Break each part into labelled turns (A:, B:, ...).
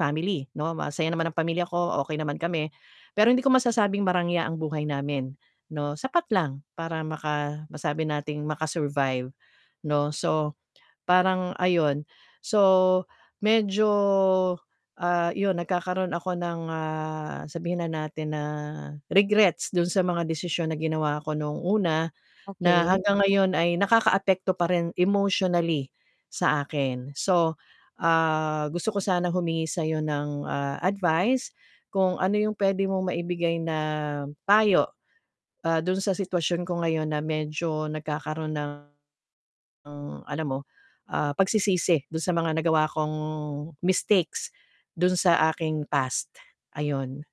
A: Family, 'no, masaya naman ang pamilya ko, okey naman kami. Pero hindi ko masasabing marangya ang buhay namin, 'no. Sapat lang para maka masabi nating maka-survive, 'no. So parang ayun. So medyo, ah, 'yon nagkakaroon ako ng, ah, sabihin na natin na, regrets do'n sa mga desisyon na ginawa 'ko no'ng una, na
B: Okey.
A: hanggang ngayon ay nakakaapekto pa rin emotionally, sa akin. So, ah, gusto ko sanang humingi sa 'yo ng, ah, advice kung ano 'yong puwede mong maibigay na payo. Ah, do'n sa sitwasyon ko ngayon na medyo nagkakaroon ng, alam mo, ah, pagsisisi do'n sa mga nagawa kong mistakes do'n sa aking past, ayun.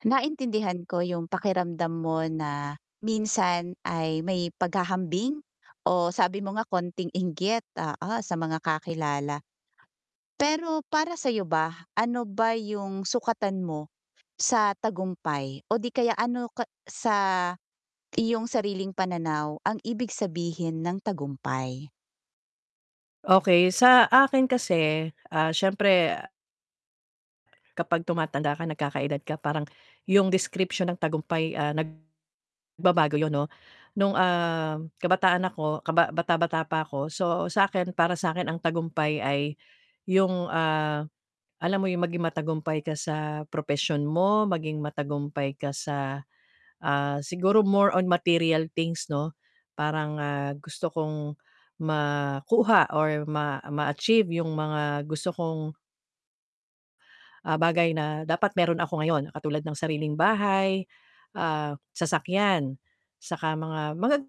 B: Naintindihan ko 'yong pakiramdam mo na minsan ay may paghahambing o sabi mo nga kaunting inggit, oo, sa mga kakilala. Pero para sa 'yo ba? Ano ba 'yong sukatan mo sa tagumpay o 'di kaya ano ka sa iyong sariling pananaw ang ibig sabihin ng tagumpay?
A: Okey sa akin kasi, ah, siyempre kapag tumatanda ka, nagkaka-edad ka parang, 'yong description ng tagumpay, ah, nag babago 'yun, 'no. No'ng, ah, kabataan ako kaba bata-bata pa ako, so sa 'kin, para sa 'kin ang tagumpay ay 'yong, ah, alam mo 'yong maging matagumpay ka sa propesyon mo, maging matagumpay ka sa, ah, siguro more on material things, 'no. Parang ah, gusto kong makuha or ma ma-achieve 'yong mga gusto kong ah, bagay na dapat mayro'n ako ngayon, katulad ng sariling bahay, ah, sasakyan saka mga magag